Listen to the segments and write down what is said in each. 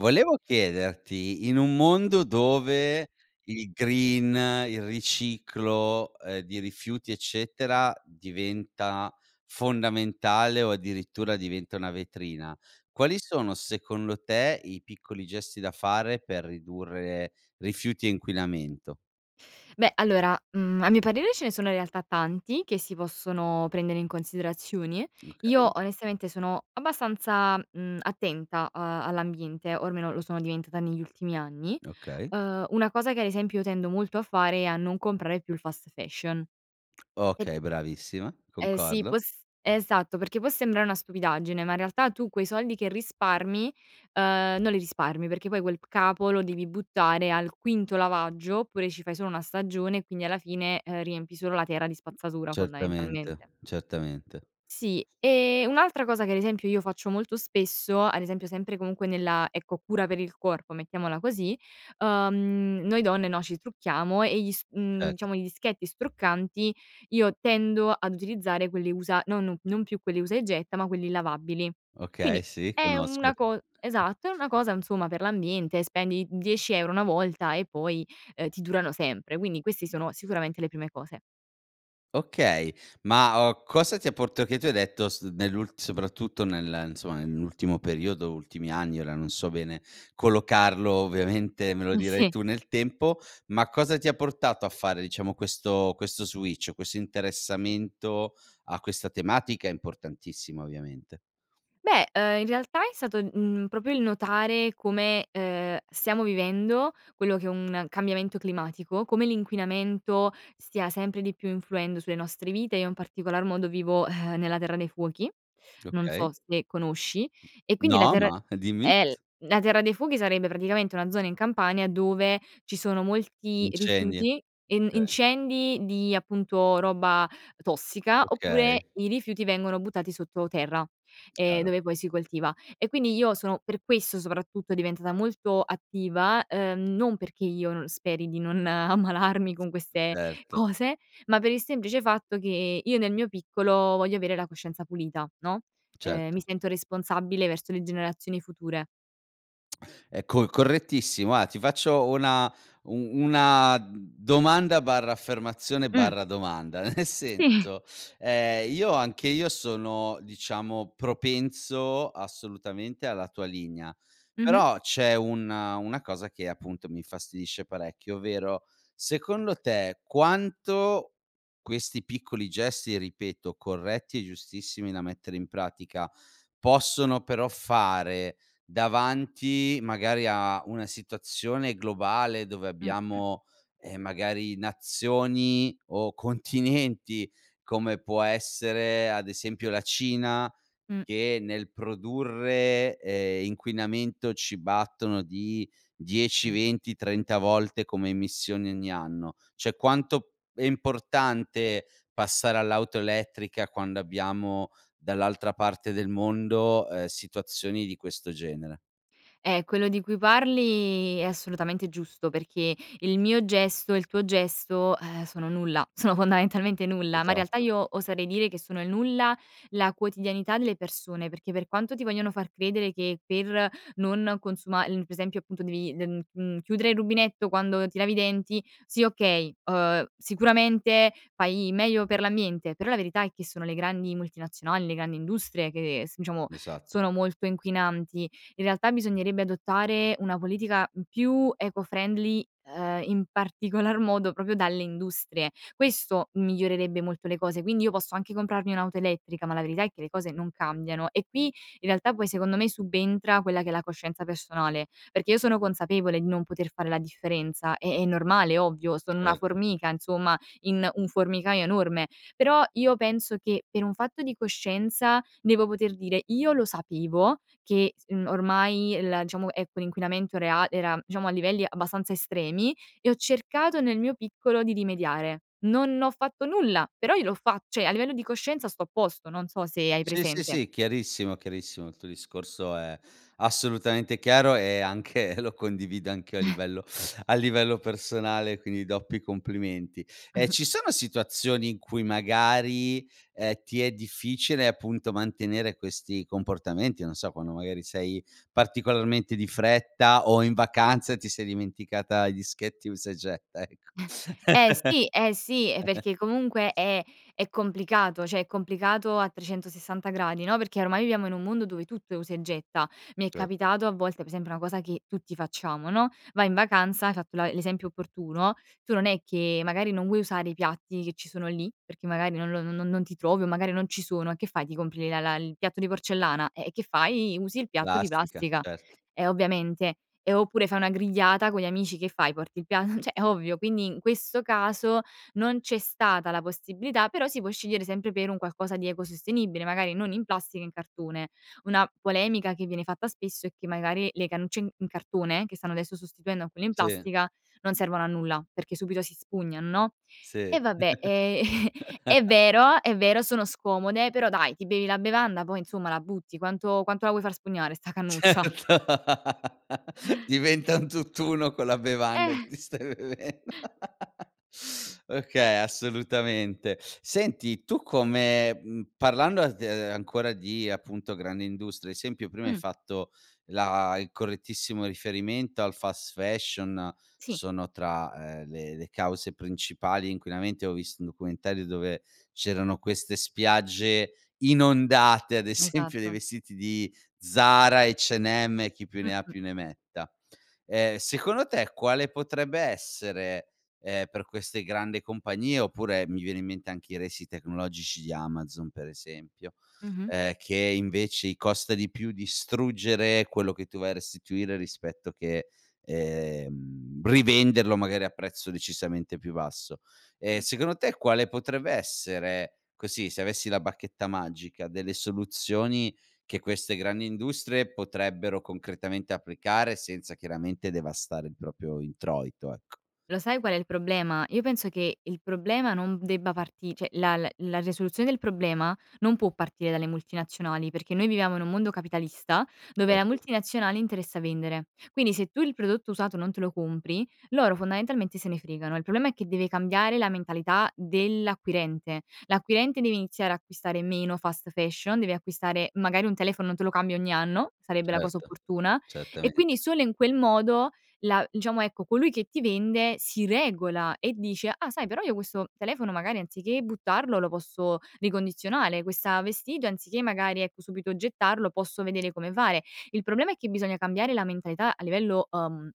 Volevo chiederti, in un mondo dove il green, il riciclo, ehm, di rifiuti, eccetera, diventa fondamentale o addirittura diventa una vetrina, quali sono secondo te i piccoli gesti da fare per ridurre rifiuti e inquinamento? Beh, allora, mhmm, a mio parere ce ne sono in realtà tanti che si possono prendere in considerazione. Io, Okay. onestamente, sono abbastanza, mhmm, attenta a all'ambiente o almeno lo sono diventata negli ultimi anni. Okay. Uhm, una cosa che, ad esempio, io tendo molto a fare è a non comprare più il fast fashion. E p Okay, bravissima, Eh sì, concordo. può s esatto, perché può sembrare una stupidaggine, ma in realtà tu quei soldi che risparmi, uhm, non li risparmi, perché poi quel capo lo devi buttare al quinto lavaggio, oppure ci fai solo 1 stagione e quindi alla fine, ehm, riempi solo la terra di spazzatura, Certamente. fondamentalmente. Certamente. Sì, e un'altra cosa che ad esempio io faccio molto spesso, ad esempio sempre comunque nella, ecco, cura per il corpo, mettiamola così, uhm, noi donne, no, ci trucchiamo e gli s mhmm, Certo. diciamo, i dischetti struccanti, io tendo ad utilizzare quelli usa nonno non più quelli usa e getta, ma quelli lavabili. Okay, Quindi sì, è una conosco. co esatto, è una cosa insomma per l'ambiente, spendi 10 € 1 volta e poi, uhm, ti durano sempre, quindi questi sono sicuramente le prime cose. Okay, ma, uhm, cosa ti ha port che tu hai detto s nell'ul soprattutto nel insomma, nell'ultimo periodo, ultimi anni, ora non so bene, collocarlo, ovviamente, me lo M dirai sì. tu nel tempo, ma cosa ti ha portato a fare, diciamo, questo questo switch, questo interessamento a questa tematica importantissima, ovviamente? Beh, uhm, in realtà è stato, mhmm, proprio il notare come, ehm, stiamo vivendo, quello che è un cambiamento climatico, come l'inquinamento, stia sempre di più influendo sulle nostre vite, io in particolar modo vivo, eh, nella Terra dei Fuochi. Non Okay. so se conosci e quindi la No, terra ma dimmi. eh l la Terra dei Fuochi sarebbe praticamente una zona in Campania dove ci sono molti Incendi, rifiuti, en okay. incendi di, appunto, roba tossica, oppure Okay. i rifiuti vengono buttati sotto terra, ehm, Chiaro. dove poi si coltiva. E quindi io sono- per questo soprattutto- diventata molto attiva, uhm, non perché io no speri di non ammalarmi con queste Certo. cose, ma per il semplice fatto che io, nel mio piccolo, voglio avere la coscienza pulita, no? Ehm, mi Certo. sento responsabile verso le generazioni future. È co è correttissimo, guarda, ti faccio una u una domanda barra affermazione Mh. barra domanda nel Sì. senso, ehm, io anche io sono diciamo propenso assolutamente alla tua linea. Mh-mh. Però c'è un una cosa che appunto mi infastidisce parecchio, ovvero, secondo te quanto questi piccoli gesti, ripeto, corretti e giustissimi da mettere in pratica, possono però fare, davanti magari a una situazione globale dove Mh-mh. abbiamo, ehm, magari nazioni o continenti, come può essere ad esempio la Cina, Mh. che nel produrre, ehm, inquinamento ci battono di dieci Sì. venti trenta volte come emissioni ogni anno, cioè quanto è importante passare all'auto elettrica quando abbiamo, dall'altra parte del mondo, ehm, situazioni di questo genere? Eh, quello di cui parli è assolutamente giusto, perché il mio gesto e il tuo gesto, eh, sono nulla, sono fondamentalmente nulla, ma in realtà Esatto. io oserei dire che sono il nulla, la quotidianità delle persone, perché per quanto ti vogliono far credere che per non consuma [unintelligible] per esempio appunto devi de mhmm, mhmm, chiudere il rubinetto quando ti lavi i denti, sì okay, uhm, sicuramente fai meglio per l'ambiente, però la verità è che sono le grandi multinazionali, le grandi industrie che s diciamo, Esatto. sono molto inquinanti. In realtà bisognerebbe adottare una politica, mhmm, più eco-friendly ehm, in particolar modo proprio dalle industrie. Questo migliorerebbe molto le cose, quindi io posso anche comprarmi un'auto elettrica, ma la verità è che le cose non cambiano e qui, in realtà poi secondo me subentra quella che è la coscienza personale, perché io sono consapevole di non poter fare la differenza è è normale, è ovvio, sono una Certo. formica insomma, in un formicaio enorme. Però io penso che per un fatto di coscienza devo poter dire: "Io lo sapevo, che, mhmm, ormai la diciamo, ecco, l'inquinamento rea era diciamo a livelli abbastanza estremi e ho cercato nel mio piccolo di rimediare." Non ho fatto nulla, però io l'ho fat cioè a livello di coscienza sto a posto, non so se hai Sì, sì, presente. sì, chiarissimo, chiarissimo, il tuo discorso è assolutamente chiaro e anche lo condivido anch'io a livello a livello personale, quindi doppi complimenti. E ci sono situazioni in cui magari, ehm, ti è difficile appunto mantenere questi comportamenti, non so quando magari sei particolarmente di fretta o in vacanza ti sei dimenticata i dischetti usa e getta ecco. Eh, sì, eh, sì, e perché comunque è è complicato, cioè è complicato a 360° no, perché ormai viviamo in un mondo dove tutto è usa e getta. Mi è Certo. capitato a volte, per esempio una cosa che tutti facciamo, no, vai in vacanza, hai fatto la l'esempio opportuno, tu non è che magari non vuoi usare i piatti che ci sono lì, perché magari non lo no non ti trovi o magari non ci sono e che fai, ti compri le la la il piatto di porcellana, eh, e che fai, usi il piatto di Plastica, plastica. cert E ovviamente, ehm, oppure fai una grigliata con gli amici che fai, porti il pia cioè è ovvio, quindi in questo caso, non c'è stata la possibilità, però si può scegliere sempre per un qualcosa di ecosostenibile, magari non in plastica, in cartone. Una polemica che viene fatta spesso è che magari le cannucce in in cartone che stanno adesso sostituendo a quelle in Sì. plastica, non servono a nulla, perché subito si spugnan no? Sì. E vabbè ehm è vero, è vero, sono scomode, però dai, ti bevi la bevanda, poi insomma la butti, quanto quanto la vuoi far spugnare 'sta Certo cannuccia? diventa un tutt'uno con la bevanda che Eh. ti stai bevendo. Okay, assolutamente. Senti, tu come mhmm, parlando [unintelligible] ancora di appunto grande industria, ad esempio, prima hai Mh. fatto la il correttissimo riferimento al fast-fashion, Sì. sono tra, ehm, le le cause principali inquinamenti, avevo visto un documentario dove c'erano queste spiagge inondate, ad esempio dei Esatto. vestiti di Zara, H&M e chi più ne ha Mh-mh. più ne metta, ehm, secondo te quale potrebbe essere, ehm, per queste grandi compagnie oppure mi viene in mente anche i resi tecnologici di Amazon, per esempio, Mh-mh. ehm, che invece i costa di più distruggere quello che tu vai a restituire rispetto che, ehm, rivenderlo magari a prezzo decisamente più basso, ehm, Mh. secondo te quale potrebbe essere, così, se avessi la bacchetta magica, delle soluzioni che queste grandi industrie potrebbero concretamente applicare senza chiaramente devastare il proprio introito, ecco. Lo sai qual è il problema? Io penso che il problema non debba parti cioè la la la risoluzione del problema non può partire dalle multinazionali, perché noi viviamo in un mondo capitalista, dove la Certo. multinazionale interessa vendere. Quindi se tu il prodotto usato non te lo compri, loro fondamentalmente se ne fregano. Il problema, è che deve cambiare la mentalità dell'acquirente. L'acquirente deve iniziare a acquistare meno fast fashion, deve acquistare magari un telefono non te lo cambi ogni anno, sarebbe la cosa Certo, opportuna, e quindi certamente. solo in quel modo, la diciamo ecco colui che, ti vende si regola e dice: "Ah, sai però io questo telefono magari anziché buttarlo, lo posso ricondizionare, questa vestito anziché magari, ecco, subito gettarlo, posso vedere come fare." Il problema è che bisogna cambiare la mentalità a livello, uhm,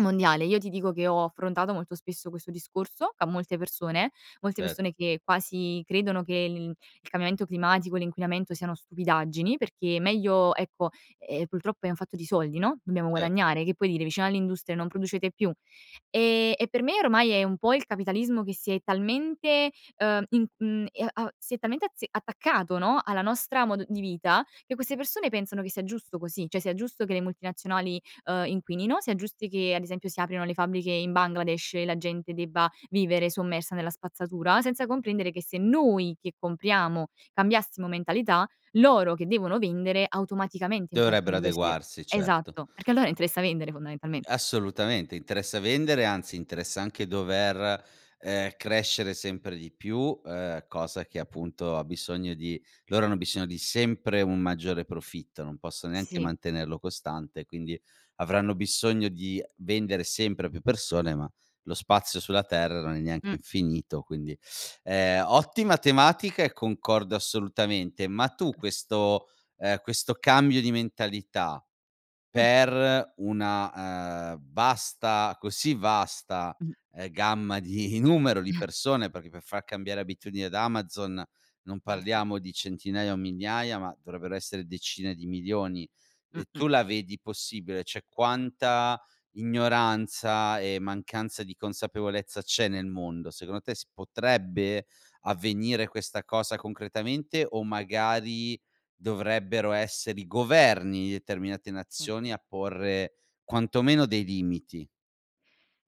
mondiale. Io ti dico che ho affrontato molto spesso questo discorso, ca molte persone, molte Cer persone che quasi credono che l il il cambiamento climatico, l'inquinamento siano stupidaggini perché meglio ecco, ehm, purtroppo è un fatto di soldi, no. Dobbiamo Cer guadagnare, che puoi dire vicino all'industria "Non producete più"? Ehm, e per me ormai è un po' il capitalismo che si è talmente, uhm, in mhmm, ehm, a si è talmente azze attaccato, no, alla nostra modo di vita, che queste persone pensano che sia giusto così, cioè sia giusto che le multinazionali, uhm, inquinino, sia giusti che ad esempio, si aprano le fabbriche in Bangladesh e la gente debba vivere sommersa nella spazzatura, senza comprendere che se noi che compriamo, cambiassimo mentalità, loro che devono vendere, automaticamente in qualche Dovrebbero modo si de adeguarsi. Certo. esatto, perché a loro interessa vendere fondamentalmente. Assolutamente, interessa vendere, anzi interessa anche dover, ehm, crescere sempre di più, ehm, cosa che appunto ha bisogno di loro hanno bisogno di sempre un maggiore profitto, non possono neanche Sì. mantenerlo costante, quindi, avranno bisogno di vendere sempre a più persone ma lo spazio sulla terra non è neanche Mh. infinito, quindi ehm. Ottima tematica e concordo assolutamente, ma tu [unintelligible] questo ehm, questo cambio di mentalità, Mh. per una, ehm, vasta così vasta, Mh. ehm, gamma di numero di persone perché per far cambiare abitudine ad Amazon, non Eh, sì. parliamo di centinaia o migliaia, ma dovrebbero essere decine di milioni. E Mh-mh. tu la vedi possibile? Cioè quanta ignoranza e mancanza di consapevolezza c'è nel mondo, secondo te si potrebbe avvenire questa cosa concretamente o magari, dovrebbero essere i governi di determinate Sì. nazioni a porre quantomeno dei limiti?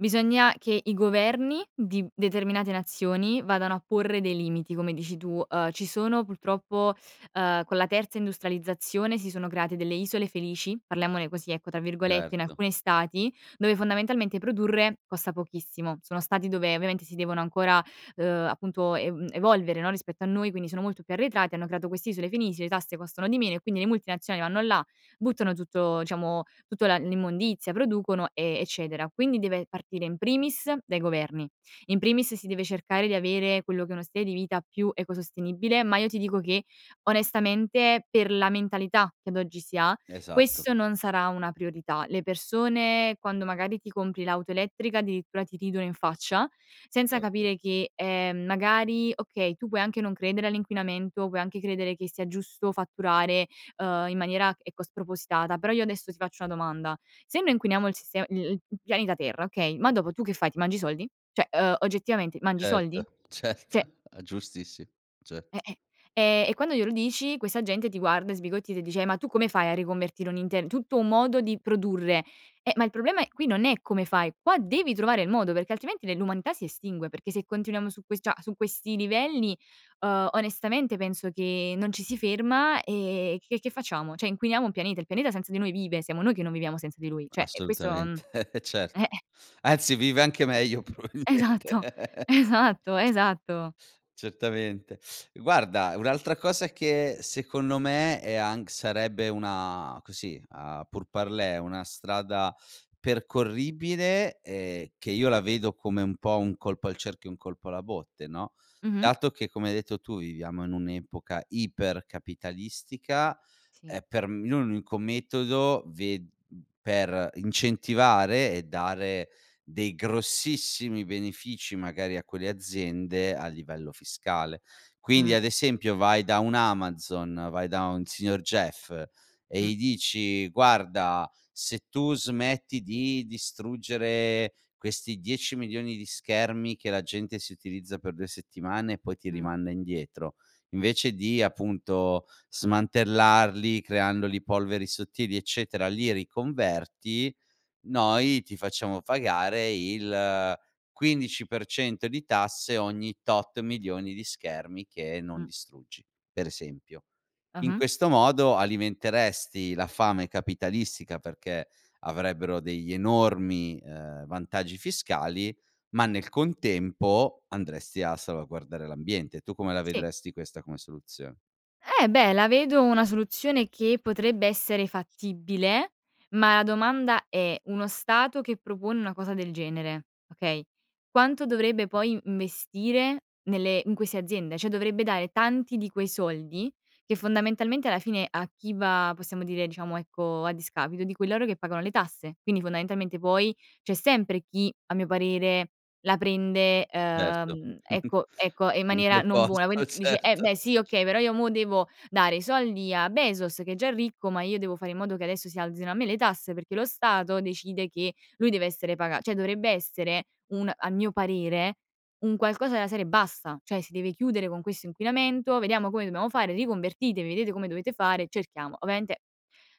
Bisogna che i governi di determinate nazioni vadano a porre dei limiti, come dici tu. Uhm, ci sono purtroppo, ehm, con la terza industrializzazione si sono create delle "isole felici", parliamone così ecco tra virgolette, in Certo. alcuni stati, dove fondamentalmente produrre costa pochissimo. Sono stati dove ovviamente si devono ancora, ehm, appunto ev evolvere no, rispetto a noi, quindi sono molto, arretrati hanno creato queste isole felici, le tasse costano di meno e quindi le multinazionali vanno là, buttano tutto, diciamo, tutta la l'immondizia, producono e eccetera. Quindi deve partire in primis dai governi. In primis si deve cercare di avere quello che è uno stile di vita più ecosostenibile, ma io ti dico che, onestamente per la mentalità che ad oggi si ha, Esatto. questo non sarà una priorità. Le persone quando magari ti compri l'auto elettrica addirittura ti ridono in faccia, senza Certo. capire che, ehm, magari okay, tu puoi anche non credere all'inquinamento, puoi anche credere che sia giusto fatturare, ehm, in maniera ecco spropositata. Però io adesso ti faccio una domanda: se noi inquiniamo il sistema i il p pianeta terra, okay, ma dopo tu che fai, ti mangi i soldi? Cioè, ehm, oggettivamente mangi i soldi? Certo, certo. Cioè! Giustissimo. Cert Eh-eh. Ehm, e quando glielo dici questa gente ti guarda sbigottita e ti dice: "Eh ma tu come fai a riconvertire un inter tutto un modo di produrre?" Eh, ma il problema è qui non è come fai, qua devi trovare il modo perché altrimenti l'umanità si estingue, perché se continuiamo su que cioè su questi livelli, ehm, onestamente penso che non ci si ferma e che che facciamo, cioè inquiniamo un pianeta. Il pianeta senza di noi vive, siamo noi che non viviamo senza di lui, cioè è questo Assolutamente cer eh! anzi vive anche meglio Esatto. probabilmente. Esatto, esatto. Certamente. Guarda un'altra cosa che secondo me è anch sarebbe una così a pour parler, una strada, percorribile e che io la vedo come un po' un colpo al cerchio e un colpo alla botte, no, Mh-mh. dato che come hai detto tu viviamo in un'epoca ipercapitalistica, Sì. eh, per l'unico metodo ve mhmm, per incentivare e dare dei grossissimi benefici magari a quelle aziende a livello fiscale. Quindi Mh. ad esempio, vai da un Amazon, vai da un signor Jeff, e Mh. gli dici, guarda, se tu smetti di distruggere, questi dieci milioni di schermi che la gente si utilizza per due settimane e poi ti Mh. rimanda indietro, invece di appunto smantellarli, creandoli polveri sottili, eccetera, li riconverti, noi ti facciamo pagare il quindici per cento di tasse ogni tot milioni di schermi che non Mh. distruggi. Pre esempio. In Ah-ah. questo modo alimenteresti la fame capitalistica perché avrebbero degli enormi, ehm, vantaggi fiscali, ma nel contempo andresti a salvaguardare l'ambiente. Tu come la Sì. vedresti questa come soluzio Eh beh, la vedo una soluzione che potrebbe essere fattibile, ma la domanda è: uno stato che propone una cosa del genere, okay, quanto dovrebbe poi investire nelle in queste aziende? Cioè dovrebbe dare tanti di quei soldi, che, fondamentalmente, alla fine a chi va, possiamo dire, diciamo, ecco, a discapito, di cui loro che pagano le tasse. Quindi fondamentalmente poi, c'è sempre chi, a mio parere, la prende, Certo. uhm, ecco ecco e in In maniera quel non buona, posto. quin dici: eh Certo. beh, sì okay, però io mo devo dare i soldi a Bezos che è già ricco, ma io devo fare in modo che adesso si alzino a me le tasse, perché lo Stato decide che lui deve essere paga cioè dovrebbe essere un a mio parere, un qualcosa della serie: basta; cioè si deve chiudere con questo inquinamento. Vediamo come dobbiamo fare, riconvertitevi, vedete come dovete fare, cerchiamo ovviamente,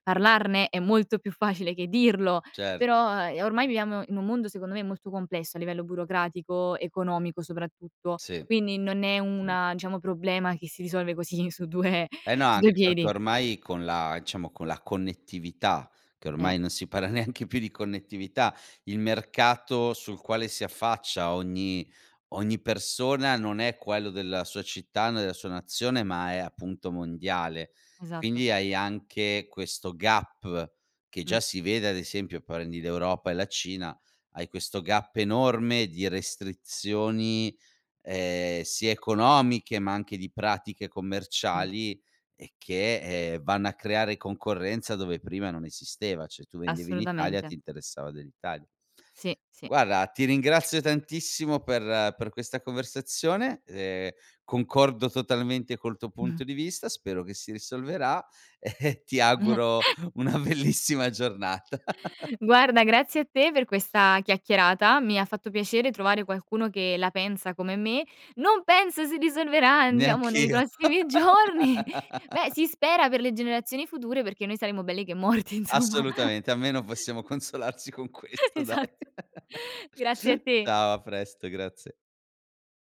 parlarne è molto più facile che dirlo, Cer però uhm, e ormai viviamo in un mondo, secondo me, molto complesso a livello burocratico, economico, soprattutto, Sì. quindi non è Sì. una diciamo problema che si risolve così su due Eh no, su due anche perché piedi. ormai con la diciamo, con la connettività, che Eh. ormai non si para neanche più di connettività, il mercato sul quale si affaccia ogni ogni persona non è quello della sua città, né sua nazione, ma è, appunto, mondiale. Esatto. Quindi hai anche questo gap, che già Mh. si vede, ad esempio, prendi l'Europa e la Cina, hai questo gap enorme di restrizioni, ehm, sia economiche ma anche di pratiche Sì. commerciali, e che, ehm, vanno a creare concorrenza dove prima non esisteva, cioè tu vendevi in Italia, Assolutamente. ti interessava dell'Italia. Sì, sì. Guarda, ti ringrazio tantissimo per per questa conversazione, ehm, concordo totalmente col tuo Mh. punto di vista, spero che si risolverà e ti auguro una bellissima giornata. Guarda grazie a te per questa chiacchierata, mi ha fatto piacere trovare qualcuno che la pensa come me, non penso si risolverà, diciamo nei Neanch'io. prossimi giorni. Beh si spera per le generazioni future, perché noi saremo belli che morti insomma. Assolutamente, almeno possiamo consolarci con questo dai. Esatto. Grazie a te. Ciao. A presto, grazie.